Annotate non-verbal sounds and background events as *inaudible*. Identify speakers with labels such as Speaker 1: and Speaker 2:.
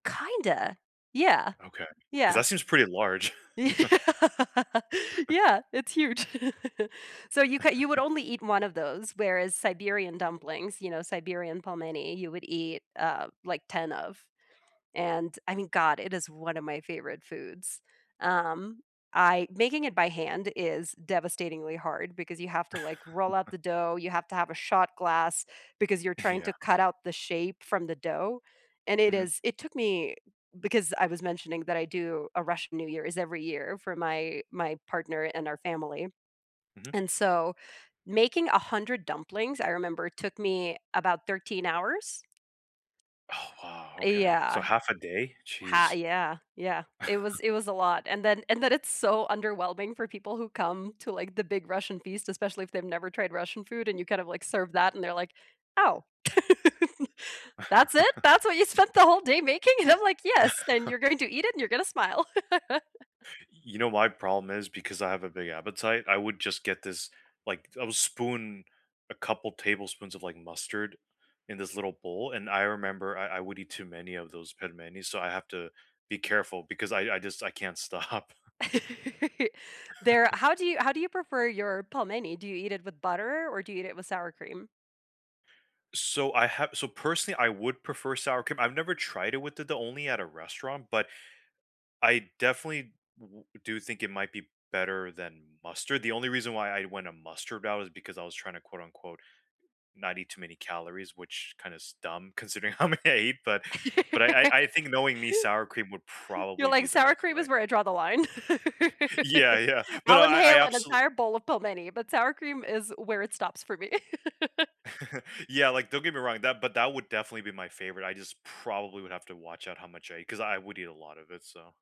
Speaker 1: Kinda. Yeah.
Speaker 2: Okay, 'cause
Speaker 1: Yeah.
Speaker 2: that seems pretty large.
Speaker 1: Yeah. *laughs*
Speaker 2: *laughs* *laughs*
Speaker 1: Yeah, it's huge. *laughs* So you c you would
Speaker 2: *laughs*
Speaker 1: only eat 1 of those, whereas Siberian dumplings, you know, Siberian pelmeni, you would eat, uh, like, 10 of, and I mean, god, it is 1 of my favorite foods. Um, I making it by hand is devastatingly hard because you have to, like, roll out
Speaker 2: *laughs*
Speaker 1: the dough, you have to have a shot glass, because you're trying
Speaker 2: Yeah.
Speaker 1: to cut out the shape from the dough, and it
Speaker 2: Mhm.
Speaker 1: is it took me because I was mentioning that I do a Russian New Year, is every year for my my partner and our family,
Speaker 2: Mhm.
Speaker 1: and so making 100 dumplings, I remember, took me about 13 hours.
Speaker 2: Oh, wow.
Speaker 1: Uh,
Speaker 2: Okay, so
Speaker 1: yeah.
Speaker 2: half a day?
Speaker 1: Ha
Speaker 2: Jeez.
Speaker 1: yeah, yeah. It was
Speaker 2: *chuckles*
Speaker 1: it was a lot, and then and then it's so underwhelming for people who come to, like, the big Russian feast, especially if they've never tried Russian food and you kind of, like, serve that and they're like, "Oh," *laughs* "That's it?
Speaker 2: *chuckles*
Speaker 1: That's what you spent the whole day making?" and I'm, like, "Yes, and
Speaker 2: *laughs*
Speaker 1: you're going to eat it and you're gonna smile." *laughs*
Speaker 2: Y you know, my problem is because I have a big appetite, I would just get this, like I would spoon a couple tablespoons of, like, mustard in this little bowl, and I remember I I would eat too many of those pelmeni, so I have to be careful because I I just I can't stop. *chuckles*
Speaker 1: *laughs* There
Speaker 2: *chuckles*
Speaker 1: How do you how do you prefer your pelmeni? Do you eat it with butter, or do you eat it with sour cream?
Speaker 2: So I have so personally, I would prefer sour cream. I've never tried it with it the only at a restaurant, but I definitely w w do think it might be better than mustard. The only reason why I want a mustard that was because I was trying to quote, unquote "Not eat too many calories," which kinda is dumb considering how many I eat. But but I
Speaker 1: *laughs*
Speaker 2: I think knowing me, sour cream would
Speaker 1: You're,
Speaker 2: probably
Speaker 1: like,
Speaker 2: be the
Speaker 1: "Sour
Speaker 2: best
Speaker 1: cream
Speaker 2: way.
Speaker 1: is where I draw the line."
Speaker 2: Yeah, yeah.
Speaker 1: *laughs*
Speaker 2: But, uh,
Speaker 1: "I'll
Speaker 2: I I
Speaker 1: inhale an
Speaker 2: abso
Speaker 1: entire bowl of pelmeni, but sour cream is where it stops for me." *laughs*
Speaker 2: *chuckles* Yeah, like, don't get me wrong, that but that would definitely be my favorite, I just probably would have to watch out how much I eat, 'cause I would eat a lot of it. So